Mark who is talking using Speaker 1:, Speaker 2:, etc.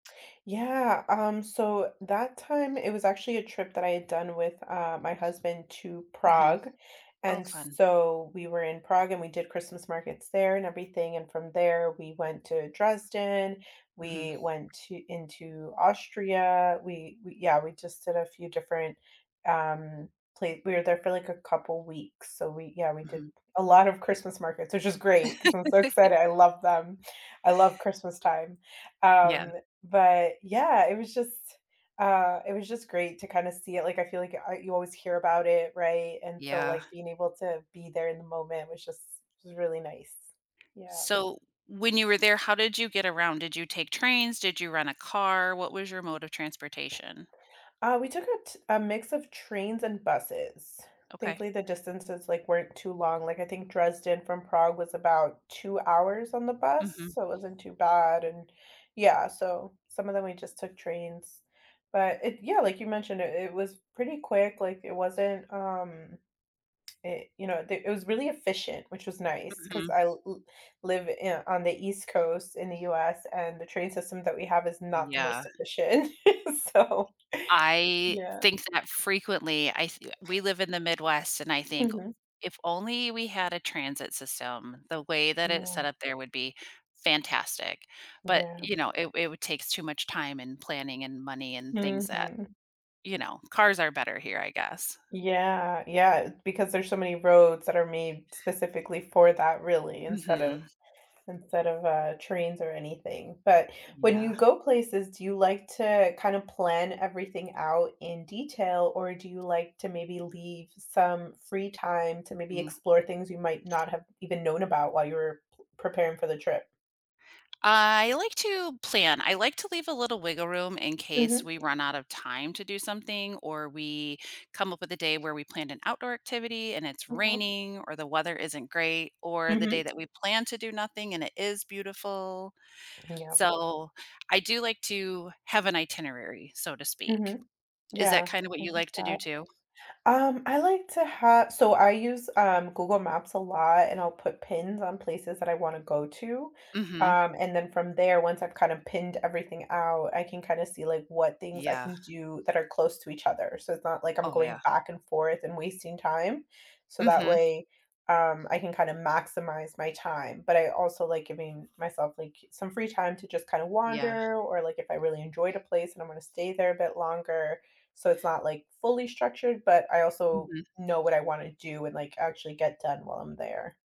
Speaker 1: Yeah, um, so that time it was actually a trip that I had done with, uh, my husband to
Speaker 2: Mhm.
Speaker 1: Prague,
Speaker 2: Oh,
Speaker 1: and
Speaker 2: fun.
Speaker 1: so we were in Prague and we did Christmas markets there and everything, and from there we went to Dresden,
Speaker 2: Mhm.
Speaker 1: we went t into Austria, we we yeah, we just did a few different, um, pla we were there for, like, a couple weeks, so we yeah, we did
Speaker 2: Mhm.
Speaker 1: a lot of Christmas markets, which is great, 'cause I'm so excited, I love them, I love Christmas time.
Speaker 2: Yeah.
Speaker 1: Um, but yeah, it was just, uh, it was just great to kinda see it, like, I feel like I you always hear about it, right, and so,
Speaker 2: Yeah.
Speaker 1: like, being able to be there in the moment was just really nice, yeah.
Speaker 2: So, when you were there, how did you get around? Did you take trains? Did you rent a car? What was your mode of transportation?
Speaker 1: Uh, we took a t a mix of trains and buses.
Speaker 2: Okay.
Speaker 1: Thankfully the distances, like, weren't too long, like, I think Dresden from Prague was about 2 hours on the bus,
Speaker 2: Mhm.
Speaker 1: so it wasn't too bad, and yeah, so some of them we just took trains, but it yeah, like you mentioned it it was pretty quick, like, it wasn't, um it, you know, d it was really efficient, which was nice 'cause
Speaker 2: Mhm.
Speaker 1: I l l live yeah on the east coast in the US and the train system that we have is not the
Speaker 2: Yeah.
Speaker 1: most efficient, so,
Speaker 2: I
Speaker 1: yeah.
Speaker 2: think that frequently, I f we live in the Midwest and I think
Speaker 1: Mhm.
Speaker 2: if only we had a transit system, the way that it's
Speaker 1: Yeah.
Speaker 2: set up there would be fantastic. But,
Speaker 1: Yeah.
Speaker 2: you know, it it would take too much time and planning and money and things that,
Speaker 1: Mhm.
Speaker 2: you know cars are better here, I guess.
Speaker 1: Yeah, yeah, because there's so many roads that are made specifically for that, really, instead of
Speaker 2: Mhm.
Speaker 1: instead of, uh, trains or anything. But when
Speaker 2: Yeah.
Speaker 1: you go places, do you like to kinda plan everything out in detail, or do you like to maybe leave some free time to maybe
Speaker 2: Mhm.
Speaker 1: explore things you might not have even known about while you were pl preparing for the trip?
Speaker 2: I like to plan, I like to leave a little wiggle room in case
Speaker 1: Mhm.
Speaker 2: we run out of time to do something or we come up with a day where we planned an outdoor activity and it's
Speaker 1: Okay.
Speaker 2: raining or the weather isn't great, or the day
Speaker 1: Mhm.
Speaker 2: that we plan to do nothing and it is beautiful.
Speaker 1: Yeah.
Speaker 2: So, I do like to have an itinerary, so to speak.
Speaker 1: Mhm,
Speaker 2: Is that
Speaker 1: yeah,
Speaker 2: kind of what
Speaker 1: I
Speaker 2: you
Speaker 1: get
Speaker 2: like to do
Speaker 1: that.
Speaker 2: too?
Speaker 1: Um, I like to ha so I use, um, Google Maps a lot and I'll put pins on places that I wanna go to,
Speaker 2: Mhm.
Speaker 1: um, and then from there, once I've kind of pinned everything out, I can kinda see, like, what things I
Speaker 2: Yeah.
Speaker 1: can do that are close to each other, so it's not like I'm
Speaker 2: Oh,
Speaker 1: going
Speaker 2: yeah.
Speaker 1: back and forth and wasting time. So that
Speaker 2: Mhm.
Speaker 1: way, um, I can kinda maximize my time, but I also like giving myself, like, some free time to just kinda
Speaker 2: Yeah.
Speaker 1: wander or, like, if I really enjoyed a place and I'm gonna stay there a bit longer, so it's not, like, fully structured, but I also
Speaker 2: Mhm.
Speaker 1: know what I wanna do and, like, actually get done while I'm there.